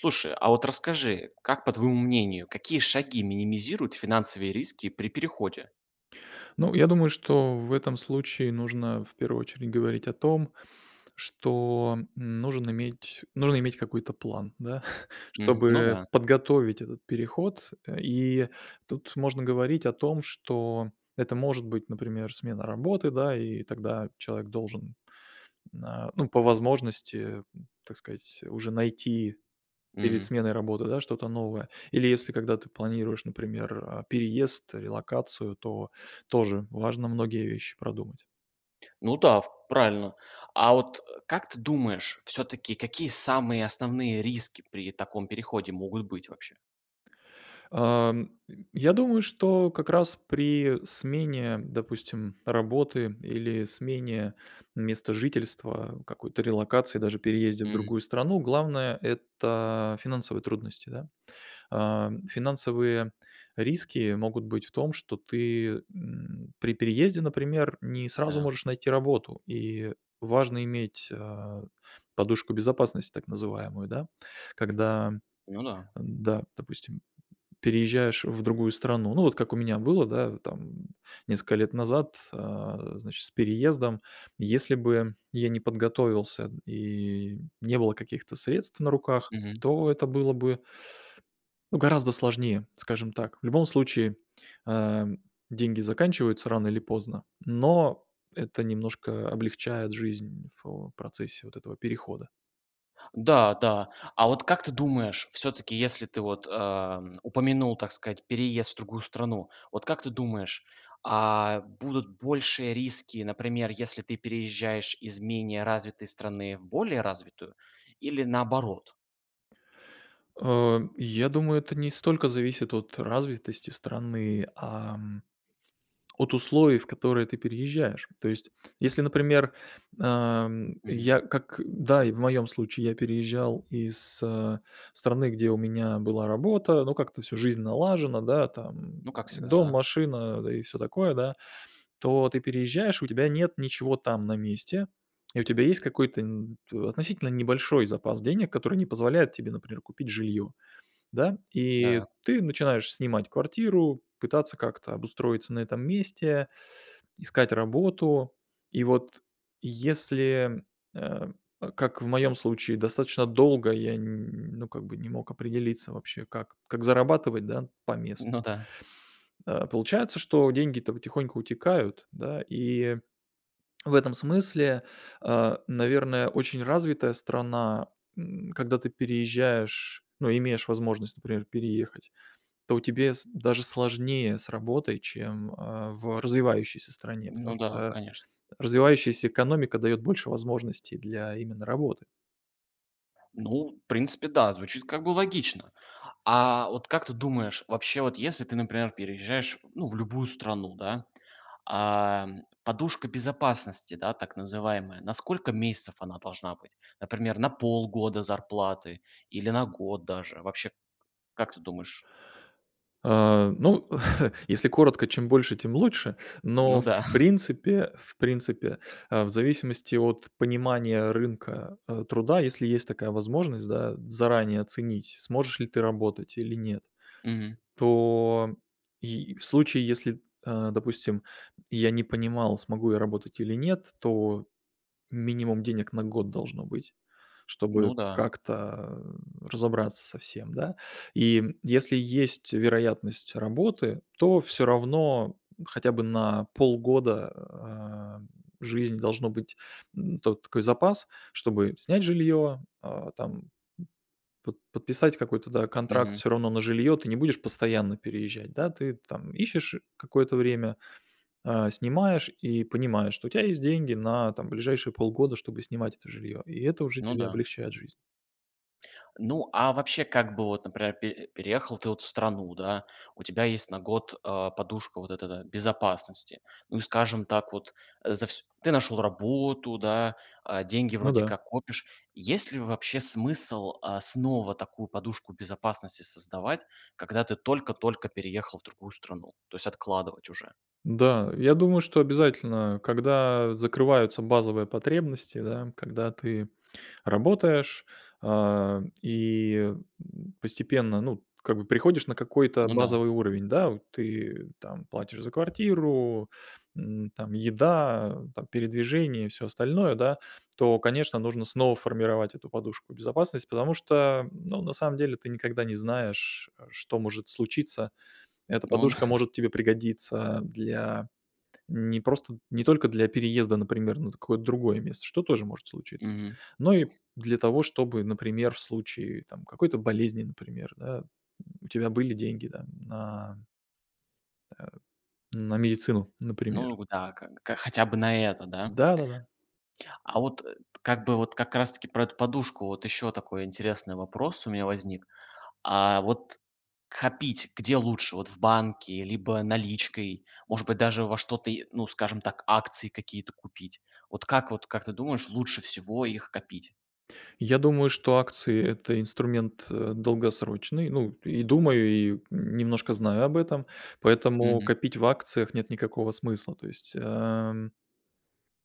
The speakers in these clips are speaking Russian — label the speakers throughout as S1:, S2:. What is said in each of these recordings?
S1: Слушай, а вот расскажи, как, по твоему мнению, какие шаги минимизируют финансовые риски при переходе?
S2: Ну, я думаю, что в этом случае нужно, в первую очередь, говорить о том, что нужен иметь нужно иметь какой-то план, да,
S1: Мгм. Ну
S2: чтобы
S1: да.
S2: подготовить этот переход. Э, и тут можно говорить о том, что это может быть, например, смена работы, да, и тогда человек должен н на- ну, по возможности- м, так сказать, уже найти перед
S1: Мгм.
S2: сменой работы, да, что-то новое. Или если, когда ты планируешь, например, а, переезд, релокацию, то тоже важно многие вещи продумать.
S1: Ну да, в правильно. А вот, э, как ты думаешь, всё-таки какие самые основные риски при таком переходе могут быть вообще?
S2: Ам, м, я думаю, что как раз при смене, допустим, работы или смене места жительства, какой-то релокации, даже переезде в
S1: Мгм.
S2: другую страну главное- это финансовые трудности. Да? А, финансовые риски могут быть в том, что ты, м, при переезде, например, не сразу
S1: Да.
S2: можешь найти работу, и важно иметь, а, подушку безопасности, так называемую. Да? Когда,
S1: Ну да.
S2: да, допустим, переезжаешь в другую страну- ну вот как у меня было, да, там несколько лет назад, а, значит, с переездом. Если бы я не подготовился, м, и не было каких-то средств на руках,
S1: Мгм.
S2: то это было бы ну гораздо сложнее, скажем так. В любом случае, а, деньги заканчиваются рано или поздно, но это немножко облегчает жизнь в, э, процессе вот этого перехода.
S1: Да, да. А вот как ты думаешь, всё-таки, если ты вот, эм, упомянул, так сказать, переезд в другую страну, вот как ты думаешь, а, будут большие риски, например, если ты переезжаешь из менее развитой страны в более развитую, или наоборот?
S2: Э. Я думаю, это не столько зависит от развитости страны, ам, от условий, в которые ты переезжаешь. То есть если, например, эм,
S1: Мгм.
S2: я как, да, и в моём случае, я переезжал из, а, страны, где у меня была работа, ну, как-то всю жизнь налажена, да, там,
S1: Ну как всегда,
S2: дом,
S1: да.
S2: машина, да, и всё такое, да. То ты переезжаешь- у тебя нет ничего там на месте, и у тебя есть какой-то н относительно небольшой запас денег, который не позволяет тебе, например, купить жильё, да, и
S1: Да.
S2: ты начинаешь снимать квартиру, пытаться как-то обустроиться на этом месте, искать работу. И вот если, э, как в моем случае, достаточно долго я н ну, как бы не мог определиться вообще, как как зарабатывать, да, по месту.
S1: Ну да.
S2: А, получается, что деньги-то потихоньку утекают, да. И в этом смысле, э, наверное, очень развитая страна, н когда ты переезжаешь, ну, имеешь возможность, например, переехать, то тебе с даже сложнее с работой, чем, э, в развивающейся стране, потому
S1: Ну да,
S2: что
S1: конечно.
S2: развивающаяся экономика дает больше возможностей для именно работы.
S1: Ну, в принципе, да, звучит как бы логично. А вот как ты думаешь, вообще вот если ты, например, переезжаешь, ну, в любую страну, да, ам, подушка безопасности, да, так называемая, на сколько месяцев она должна быть? Например, на полгода зарплаты, или на год даже? Вообще как ты думаешь?
S2: А, ну, если коротко: чем больше, тем лучше. Но,
S1: Ну
S2: в
S1: да.
S2: принципе, в принципе, э, в зависимости от понимания рынка, э, труда, если есть такая возможность, да, заранее оценить, сможешь ли ты работать или нет,
S1: Мгм.
S2: то и в случае, если, э, допустим, я не понимал, смогу я работать или нет, то минимум денег на год должно быть, чтобы
S1: Ну да.
S2: как-то, э, разобраться со всем, да. И если есть вероятность работы, то всё равно хотя бы на полгода, а, жизнь должно быть, м, то такой запас, чтобы снять жилье, а, там, м, под подписать какой-то, да, контракт
S1: Мгм.
S2: всё равно на жилье. Ты не будешь постоянно переезжать, да. Ты там ищешь какое-то время, э, снимаешь, и понимаешь, что у тя есть деньги на, там, ближайшие полгода, чтобы снимать это жильё. И это уже
S1: Ну
S2: тебе
S1: да.
S2: облегчает жизнь.
S1: Ну, а вообще, как бы, вот, например, пе переехал ты вот в страну, да, у тебя есть на год, а, подушка вот эта, да, безопасности. Ну и, скажем так, вот за всь ты нашёл работу, да, а, деньги
S2: Ну
S1: вроде
S2: да.
S1: как копишь. Есть ли вообще смысл, а, снова такую подушку безопасности создавать, когда ты только-только переехал в другую страну, то есть откладывать уже?
S2: Да, я думаю, что обязательно, когда закрываются базовые потребности, да. Когда ты работаешь, а, и, м, постепенно, ну, как бы приходишь на какой-то
S1: Ну да.
S2: базовый уровень, да. Вот ты там платишь за квартиру, м, там еда, там передвижения и всё остальное, да. То, конечно, нужно снова формировать эту подушку безопасность, потому что, ну, на самом деле ты никогда не знаешь, э, что может случиться. Эта
S1: Он
S2: подушка может тебе пригодиться для не просто не только для переезда, например, на какое-то другое место, что тоже может случиться.
S1: Мгм.
S2: Но и для того, чтобы, например, в случае там какой-то болезни, например, да, у тебя были деньги там на Э, на медицину, например.
S1: Ну, вот да, как бы, как, хотя бы на это, да?
S2: Да-да-да.
S1: А вот, э, т как бы вот как раз-таки про эту подушку вот ещё такой интересный вопрос у меня возник. А вот копить где лучше: вот в банке либо наличкой, может быть, даже во что-то и ну, скажем так, акции какие-то купить? Вот как, вот как ты думаешь, лучше всего их копить?
S2: Я думаю, что акции- это инструмент, э, долгосрочный. Ну, и думаю, и немножко знаю об этом, поэтому
S1: Мгм.
S2: копить в акциях нет никакого смысла. То есть, эм,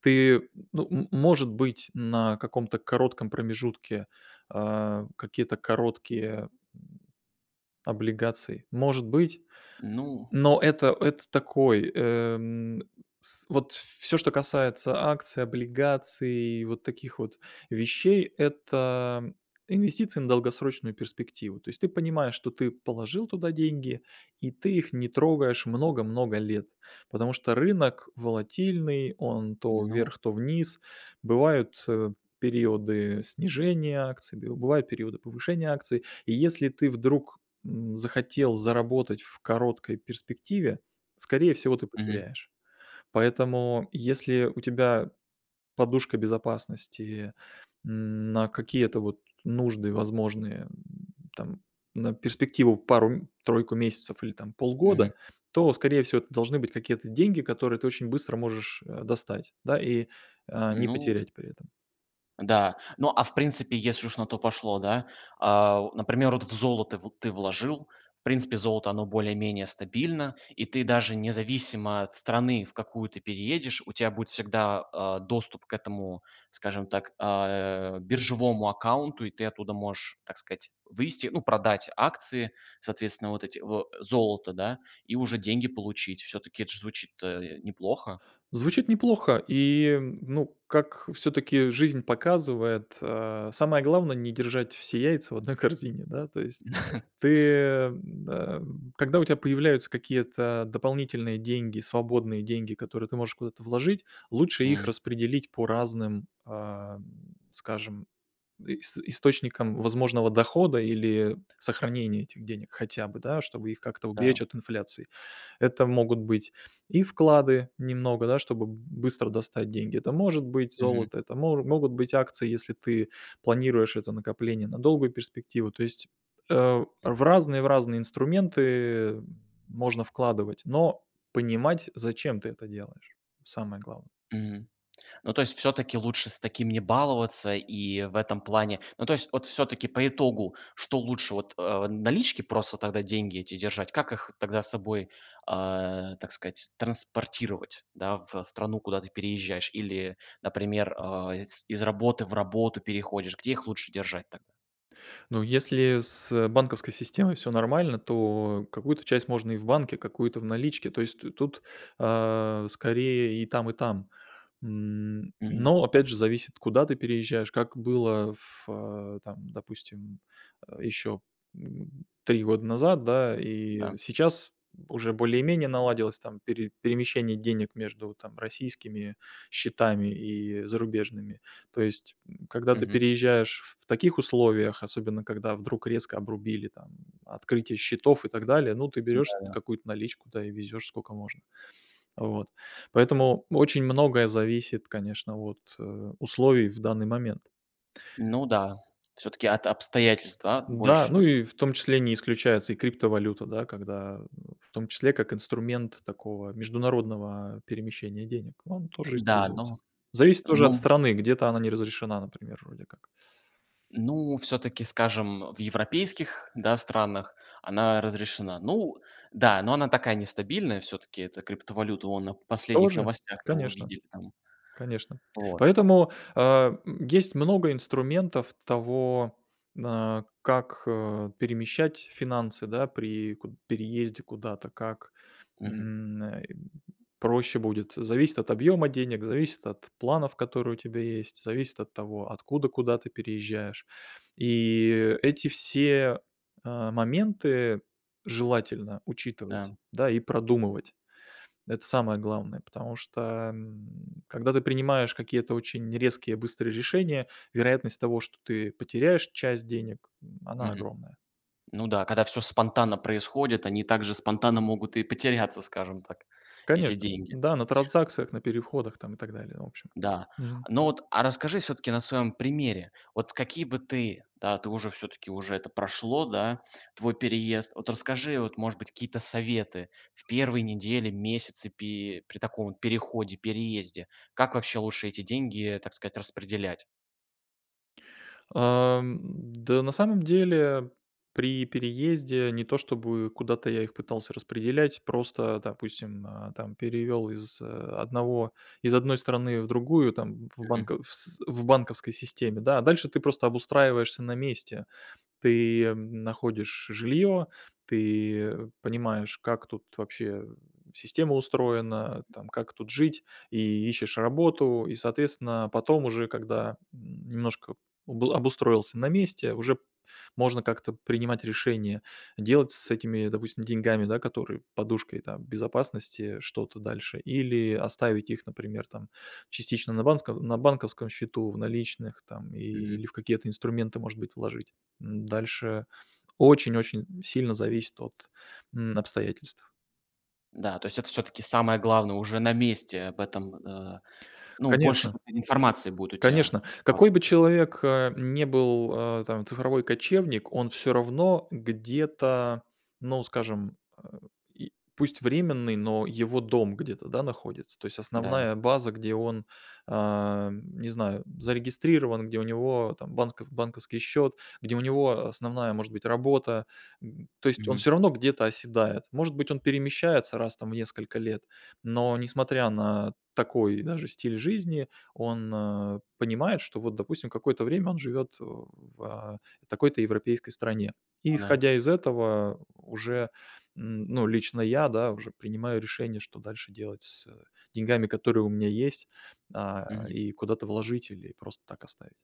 S2: ты, ну, м может быть, на каком-то коротком промежутке, э, какие-то короткие облигации, может быть.
S1: Ну
S2: Но это это такой, э, м, с вот всё, что касается акций, облигаций, вот таких вот вещей- это инвестиции на долгосрочную перспективу. То есть ты понимаешь, что ты положил туда деньги, и ты их не трогаешь много-много лет. Потому что рынок волатильный, он то
S1: Ну
S2: вверх, то вниз. Бывают, э, периоды снижения акций, бив бывают периоды повышения акций. И если ты вдруг, м, захотел заработать в короткой перспективе, скорее всего, ты
S1: Мгм.
S2: потеряешь. Поэтому если у тебя подушка безопасности, м, на какие-то вот нужды возможные, э, там, на перспективу, пару-тройку месяцев или, там,
S1: Мгм.
S2: полгода, то, скорее всего, это должны быть какие-то деньги, которые ты очень быстро можешь, э, достать, да, и, э, не
S1: Ну
S2: потерять при этом.
S1: Да. Ну, а, в принципе, если уж на то пошло, да, а, например, вот в золото вот ты вложил, в принципе, золото- оно более-менее стабильно, и ты, даже независимо от страны, в какую ты переедешь, у тя будет всегда, а, доступ к этому, скажем так, а, биржевому аккаунту, и ты оттуда можешь, так сказать, вывести, ну, продать акции, соответсвенно, вот эти в золото, да, и уже деньги получить. Всё-таки это ж звучит-то неплохо.
S2: Звучит неплохо и, ну, как всё-таки жизнь показывает, э, самое главное- не держать все яйца в одной корзине. Да, то есть ты, м, а, м. Когда у тя появляются какие-то дополнительные деньги, свободные деньги, которые ты можешь куда-то вложить, лучше их
S1: М.
S2: распределить по разным, а, скажем, ис источникам возможного дохода или сохранение этих денег хотя бы, да, чтобы их как-то уберечь
S1: Да.
S2: от инфляции. Это могут быть и вклады немного, да, чтобы б быстро достать деньги. Это может быть
S1: Мгм.
S2: золото, это можу могут быть акции, если ты планируешь это накопление на долгую перспективу. То есть, э, в разные, в разные инструменты можно вкладывать, но понимать, зачем ты это делаешь- самое главное.
S1: Мгм. Ну, то есть всё-таки лучше с таким не баловаться, и в этом плане ну, то есть вот всё-таки по итогу, что лучше вот, э, налички просто тогда деньги эти держать? Как их тогда с собой, э, так сказать, транспортировать, да, в страну, куда ты переезжаешь или, например, а, из из работы в работу переходишь, где их лучше держать-то?
S2: Ну если с банковской системой всё нормально, то какую-то часть можно и в банке, какую-то в наличке, то есть т тут, а, скорее, и там, и там. М.
S1: Мгм.
S2: Но опять же, зависит, куда ты переезжаешь, как было в, а, там, допустим, э, еще, м, 3 года назад, да.
S1: Да.
S2: И сейчас уже более-менее наладилось там пере перемещение денег между там российскими счетами и зарубежными. То есть, м, когда ты
S1: Мгм.
S2: переезжаешь в таких условиях, особенно, когда вдруг резко обрубили там открытие счетов и так далее, ну, ты берешь
S1: Да-да.
S2: какую-то наличку, да, и везешь, сколько можно. Вот. Поэтому очень многое зависит, конечно, от, э, условий в данный момент.
S1: Ну да, всё-таки от обстоятельств, да,
S2: Да,
S1: больше.
S2: ну и, в том числе, не исключается и криптовалюта, да, когда В том числе, как инструмент такого международного перемещения денег. Он тоже
S1: Да,
S2: используется.
S1: но
S2: Зависит тоже от
S1: Ну
S2: страны, где-то она не разрешена, например, вроде как.
S1: Ну, всё-таки, скажем, в европейских, да, странах, она разрешена. Ну да, но она такая, нестабильная всё-таки, эта криптовалюта, вон на последних
S2: Тоже.
S1: новостях-то
S2: Конечно.
S1: увидели там.
S2: Конечно.
S1: Вот.
S2: Поэтому, а, м, есть много инструментов того, а, как, а, перемещать финансы, да, при куд переезде куда-то, как,
S1: Мгм.
S2: м, э, проще будет. Зависит от объема денег, зависит от планов, которые у тебя есть, зависит от того, откуда куда ты переезжаешь. И эти все, э, моменты желательно учитывать,
S1: Да.
S2: да, и продумывать. Это самое главное. Потому что, м, когда ты принимаешь какие-то очень резкие быстрые решения, вероятность того, что ты потеряешь часть денег- она
S1: Мгм.
S2: огромная.
S1: Ну да, когда всё спонтанно происходит, они также спонтанно могут и потеряться, скажем так, эти
S2: Конечно,
S1: деньги.
S2: да, на транзакциях, на переходах там и так далее. В общем,
S1: Да,
S2: мгм.
S1: ну вот а расскажи, всё-таки, на своем примере, вот какие бы ты, да, ты уже, всё-таки уже это прошло, да, твой переезд, вот расскажи, вот, может быть, какие-то советы в первые недели, месяцы, пи при таком переходе, переезде. Как вообще лучше эти деньги, так сказать, распределять?
S2: Ам, да на самом деле, при переезде не то, чтобы куда-то я их пытался распределять, просто, допустим, э, там перевёл из, э, одного из одной страны в другую, там, в
S1: Мгм.
S2: банковс в банковской системе, да, а дальше ты просто обустраиваешься на месте. Ты находишь жилье, ты, э, понимаешь, как тут вообще система устроена, там, как тут жить и ищешь работу. И, соответственно, потом уже, когда, м, немножко обл обустроился на месте, уже можно как-то принимать решение делать с этими, допустим, деньгами, да, которые подушкой, там, безопасности что-то дальше или оставить их, например, там, частично на банско на банковском счету, в наличных там
S1: Мгм.
S2: или в какие-то инструменты, может быть, вложить. Дальше очень-очень сильно зависит от, м, обстоятельств.
S1: Да, то есть это все-таки самое главное уже на месте об этом, а, ну больше,
S2: Конечно.
S1: э, информации будет у тебя,
S2: Конечно,
S1: вот.
S2: какой бы человек, э, не был, э, там цифровой кочевник, он всё равно где-то, ну скажем, а, и, пусть временный, но его дом где-то, да, находится, то есть
S1: Да.
S2: основная база, где он, а, м, не знаю зарегистрирован, где у него там банск банковский счет, где у него основная может быть работа, эм, то есть он
S1: Мгм.
S2: все равно где-то оседает. Может быть он перемещается раз там в несколько лет, но несмотря на такой даже стиль жизни, он, а, понимает, что вот допустим какое-то время он живет в, а, такой-то европейской стране. И
S1: Ага.
S2: исходя из этого уже, эм, ну лично я да уже принимаю решение, что дальше делать с деньгами, которые у меня есть, а,
S1: Мгм.
S2: и куда-то вложить, или просто так оставить.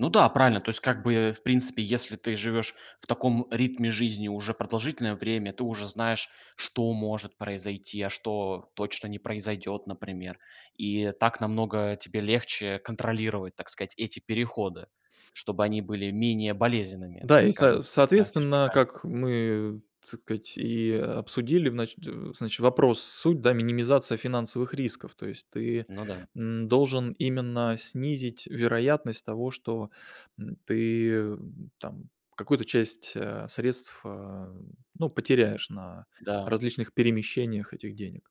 S1: Ну да правильно, то есть, как бы, в принципе, если ты живешь в таком ритме жизни уже продолжительное время ты уже знаешь, что может произойти, а что точно не произойдет, например, и так намного тебе легче контролировать так сказать эти переходы, чтобы они были менее болезненными,
S2: Да, и
S1: скажем.
S2: со соответственно,
S1: [unintelligible]
S2: как мы, так сказать, и обсудили, значит значит вопрос суть, да, минимизации финансовых рисков, то есть ты,
S1: Ну да.
S2: эм, должен именно снизить вероятность того, что, эм, ты там какую-то часть, а, средств, а, ну потеряешь на
S1: Да.
S2: различных перемещениях этих денег.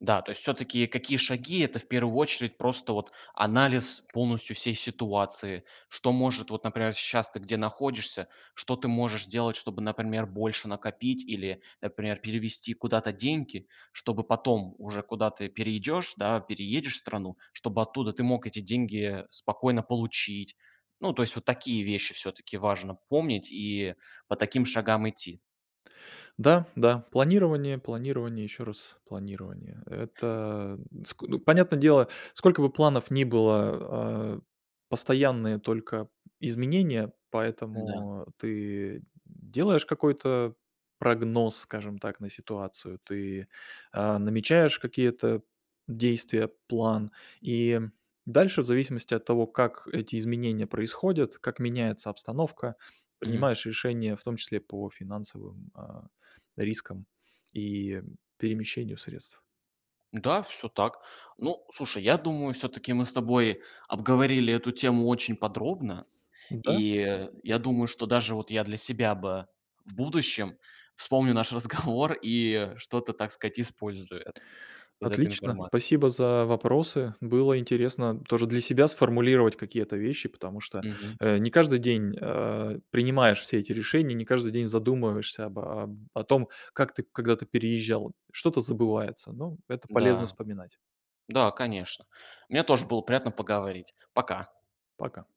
S1: Да, то есть всё-таки какие шаги- это, в первую очередь, просто вот анализ полностью всей ситуации. Что может вот, например, щас ты где находишься- что ты можешь сделать, чтобы, например, больше накопить или, например, перевести куда-то деньги, чтобы потом уже куда-ты перейдешь, да, переедешь в страну, чтобы оттуда ты мог эти деньги спокойно получить. Ну, то есть вот такие вещи всё-таки важно помнить и по таким шагам идти.
S2: Да, да, планирование, планирование и еще раз планирование. Это ск ну, понятно дело, сколько бы планов ни было, а, постоянные только изменения.
S1: Да.
S2: Поэтому ты делаешь какой-то прогноз, скажем так, на ситуацию. Ты, а, намечаешь какие-то действия, план. И дальше, в зависимости от того, как эти изменения происходят, как меняется обстановка,
S1: Мгм.
S2: принимаешь решения, в том числе, по финансовым, а, рискам и перемещению средств.
S1: Да, всё так. Ну, слушай, я думаю, всё-таки мы с тобой обговорили эту тему очень подробно,
S2: Да.
S1: и, я думаю, что даже вот я для себя бы в будущем вспомню наш разговор и что-то так сказать использую из этой
S2: Отлично.
S1: информации.
S2: Спасибо за вопросы. Было интересно тоже для себя сформулировать какие-то вещи, потому что,
S1: Мгм.
S2: э, не каждый день, а, принимаешь все эти решения, не каждый день задумываешься об о о том, как ты, когда-ты переезжал. Что-то забывается, но это полезно
S1: Да.
S2: вспоминать.
S1: Да, конечно. Мне тоже было приятно поговорить. Пока.
S2: Пока.